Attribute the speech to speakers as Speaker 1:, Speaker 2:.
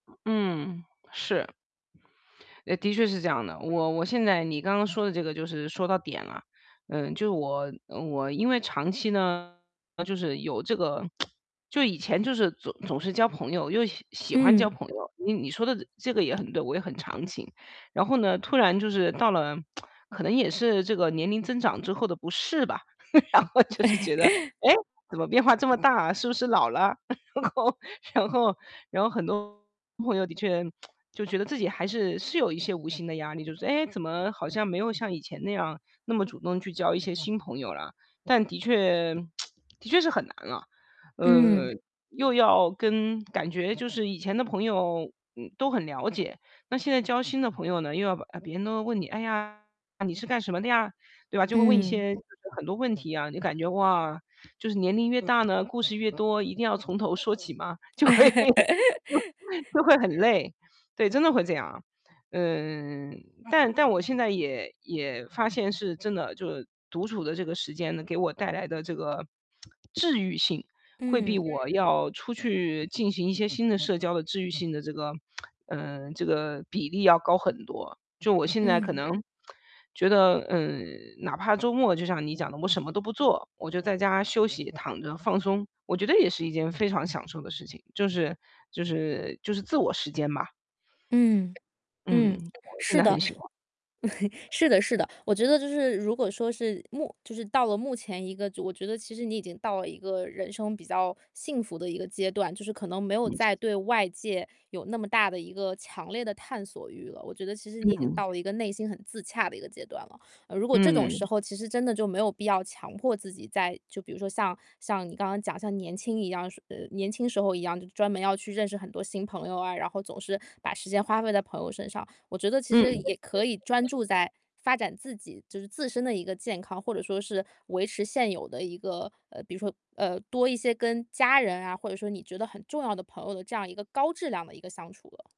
Speaker 1: 嗯，是。诶，的确是这样的。我我现在你刚刚说的这个就是说到点了。嗯，就我嗯，我因为长期呢，就是有这个 就以前就是总总是交朋友，又喜喜欢交
Speaker 2: 嗯。
Speaker 1: 朋友，你你说的这这个也很对，我也很长情。然后呢，突然就是到了 可能也是这个年龄增长之后的不适吧，然后就是觉得，诶，怎么变化这么大啊，是不是老了？然后然后然后很多朋友的确 就觉得自己还是是有一些无形的压力，就是“哎，怎么好像没有像以前那样，那么主动去交一些新朋友了？”但的确 的确是很难了。
Speaker 2: 嗯。
Speaker 1: 呃，又要跟感觉就是以前的朋友，嗯，都很了解，那现在交新的朋友呢，又要把呃，别人都要问你：“哎呀，你是干什么的呀？”对吧？就会问一
Speaker 2: 嗯。
Speaker 1: 些 很多问题啊，你感觉，哇，就是年龄越大呢，故事越多，一定要从头说起嘛，就会 就会很累。对，真的会这样。呃，但但我现在也也发现是真的，就是独处的这个时间呢，给我带来的这个 治愈性，会比
Speaker 2: 嗯。
Speaker 1: 我要出去进行一些新的社交的治愈性的这个 嗯，这个比例要高很多。就我现在可
Speaker 2: 嗯。
Speaker 1: 能，觉得嗯，哪怕周末就像你讲的，我什么都不做，我就在家休息，躺着放松，我觉得也是一件非常享受的事情，就是就是就是自我时间吧。
Speaker 2: 嗯，嗯，
Speaker 1: 嗯，现
Speaker 2: 是
Speaker 1: 在
Speaker 2: 的，
Speaker 1: 很喜欢。
Speaker 2: 是的，是的。我觉得就是如果说是目就是到了目前一个就我觉得其实你已经到了一个人生比较幸福的一个阶段，就是可能没有再 对外界有那么大的一个强烈的探索欲了，我觉得其实你已经
Speaker 1: 嗯。
Speaker 2: 到了一个内心很自洽的一个阶段了。呃，如果这种
Speaker 1: 嗯。
Speaker 2: 时候，其实真的就没有必要强迫自己再就比如说像像你刚刚讲，像年轻一样说呃，年轻时候一样，就专门要去认识很多新朋友啊，然后总是把时间花费在朋友身上。我觉得其
Speaker 1: 嗯。
Speaker 2: 实也可以专注在 发展自己，就是自身的一个健康，或者说是维持现有的一个呃，比如说，呃，多一些跟家人啊，或者说你觉得很重要的朋友的这样一个高质量的一个相处了。